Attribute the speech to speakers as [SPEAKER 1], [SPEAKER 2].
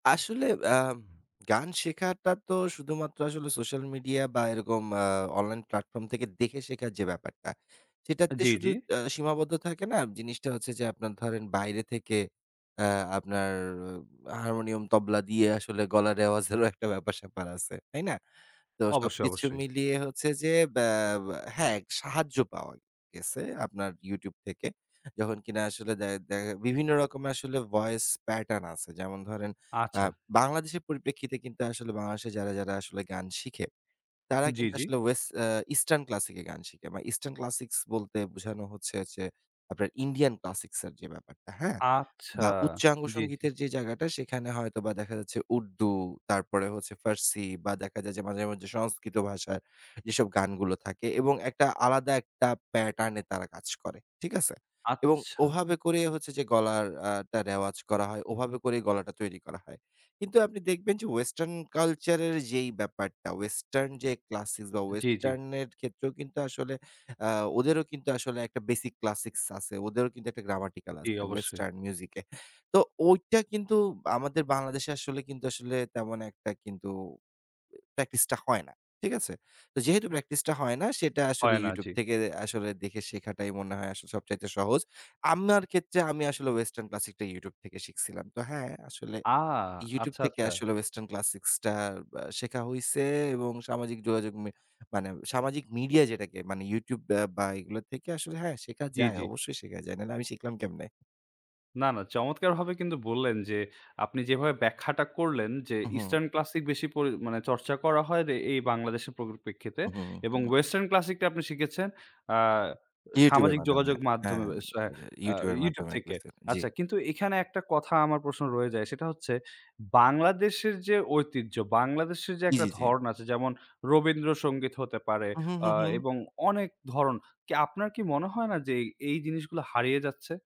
[SPEAKER 1] আসলে আ গান শেখাটা তো শুধুমাত্র আসলে সোশ্যাল মিডিয়া বা এরকম আ online platform থেকে দেখে শেখার যে ব্যাপারটা
[SPEAKER 2] আ
[SPEAKER 1] সেটাতে
[SPEAKER 2] জি,
[SPEAKER 1] শুধু
[SPEAKER 2] জি।
[SPEAKER 1] আ সীমাবদ্ধ থাকে না জিনিসটা হচ্ছে যে আপনার ধরেন বাইরে থেকে আ আপনার অ হারমোনিয়াম, তবলা দিয়ে আসলে গলার রেওয়াজেরও একটা ব্যাপার-স্যাপার আছে। তাই না? তো
[SPEAKER 2] অবশ্যই,
[SPEAKER 1] সবকিছু
[SPEAKER 2] অবশ্যই।
[SPEAKER 1] মিলিয়ে হচ্ছে যে ব্য এ হ্যাঁ, সাহায্য পাওয়া গেছে আপনার YouTube থেকে। যখন কিনা আসলে দ্যা দ্যা বিভিন্ন রকমের আসলে voice pattern আছে। যেমন ধরেন আ
[SPEAKER 2] আচ্ছা।
[SPEAKER 1] বাংলাদেশের পরিপ্রেক্ষিতে কিন্তু আসলে বাংলাদেশে যারা, যারা আসলে গান শিখে, তারা
[SPEAKER 2] জি,
[SPEAKER 1] কিন্তু
[SPEAKER 2] জি।
[SPEAKER 1] আসলে ওয়েস আ eastern classic এ গান শিখে বা eastern classics বলতে বোঝানো হচ্ছে যে আপনার Indian classics এর যে ব্যাপারটা, হ্যাঁ?
[SPEAKER 2] আচ্ছা।
[SPEAKER 1] বা উচ্চাঙ্গ
[SPEAKER 2] জি, জি।
[SPEAKER 1] সংগীতের যে জায়গাটা, সেখানে হয়তো দেখা যাচ্ছে উর্দু, তারপরে হচ্ছে ফার্সি বা দেখা যায় যে মাঝে, মাঝে সংস্কৃত ভাষার যেসব গানগুলো থাকে এবং একটা আলাদা একটা pattern এ তারা কাজ করে। ঠিক আছে? এবং
[SPEAKER 2] আচ্ছা।
[SPEAKER 1] ওভাবে করেই হচ্ছে যে গলাটা আ টা রেওয়াজ করা হয়, ওভাবে করেই গলাটা তৈরি করা হয়। কিন্তু আপনি দেখবেন যে western culture এর যেই ব্যাপারটা, western যে classic বা
[SPEAKER 2] জি, জি।
[SPEAKER 1] western এর ক্ষেত্রেও কিন্তু আসলে আ ওদেরও কিন্তু আসলে একটা basic classics আছে। ওদেরও কিন্তু একটা grammatical
[SPEAKER 2] জি,
[SPEAKER 1] আছে
[SPEAKER 2] অবশ্যই।
[SPEAKER 1] western music এ। তো ঐটা কিন্তু আমাদের বাংলাদেশে আসলে কিন্তু আসলে তেমন একটা কিন্তু এ practice টা হয় না। ঠিক আছে? তো যেহেতু practice টা হয় না, সেটা আসলে
[SPEAKER 2] হয় না।
[SPEAKER 1] YouTube
[SPEAKER 2] জি।
[SPEAKER 1] থেকে দে আসলে দেখে শেখাটাই মনে হয় আসলে সবচাইতে সহজ। আমার ক্ষেত্রে আমি আসলে western classic টা YouTube থেকে শিখছিলাম। তো হ্যাঁ আসলে
[SPEAKER 2] আ
[SPEAKER 1] YouTube
[SPEAKER 2] আচ্ছা,
[SPEAKER 1] থেকে
[SPEAKER 2] আচ্ছা।
[SPEAKER 1] আসলে western classic টা ব্য শেখা হইছে এবং সামাজিক যোগাযোগ মে মানে সামাজিক মিডিয়া যেটাকে মানে YouTube ব্য বা এগুলো থেকে আসলে হ্যাঁ শেখা
[SPEAKER 2] জি,
[SPEAKER 1] যায়
[SPEAKER 2] জি।
[SPEAKER 1] অবশ্যই শেখা যায়। নাহলে আমি শিখলাম কেমনে?
[SPEAKER 2] না, না, চমৎকারভাবে কিন্তু বললেন যে আপনি যেভাবে ব্যাখ্যাটা করলেন যে
[SPEAKER 1] উহুম।
[SPEAKER 2] eastern classic বেশি পরি মানে চর্চা করা হয় দে এই বাংলাদেশের পরিপ্রেক্ষিতে
[SPEAKER 1] উহুম,
[SPEAKER 2] এবং
[SPEAKER 1] হুম।
[SPEAKER 2] western classic টা আপনি শিখেছেন আ আ
[SPEAKER 1] YouTube এর
[SPEAKER 2] সামাজিক
[SPEAKER 1] মাধ্যমে।
[SPEAKER 2] যোগাযোগ মাধ্যমে
[SPEAKER 1] হ্যাঁ,
[SPEAKER 2] আস আ
[SPEAKER 1] দা YouTube এর
[SPEAKER 2] YouTube
[SPEAKER 1] মাধ্যমে
[SPEAKER 2] থেকে।
[SPEAKER 1] বেসিকে জি।
[SPEAKER 2] আচ্ছা কিন্তু এখানে একটা কথা আমার প্রশ্ন রয়ে যায়, সেটা হচ্ছে বাংলাদেশের যে ঐতিহ্য, বাংলাদেশের যে
[SPEAKER 1] জি,
[SPEAKER 2] একটা
[SPEAKER 1] জি, জি।
[SPEAKER 2] ধরণ আছে যেমন রবীন্দ্রসঙ্গীত হতে পারে
[SPEAKER 1] উহু,
[SPEAKER 2] আ
[SPEAKER 1] হু, হুম।
[SPEAKER 2] এবং অনেক ধরণ। কি আপনার কি মনে হয় না যে এই জিনিসগুলো হারিয়ে যাচ্ছে?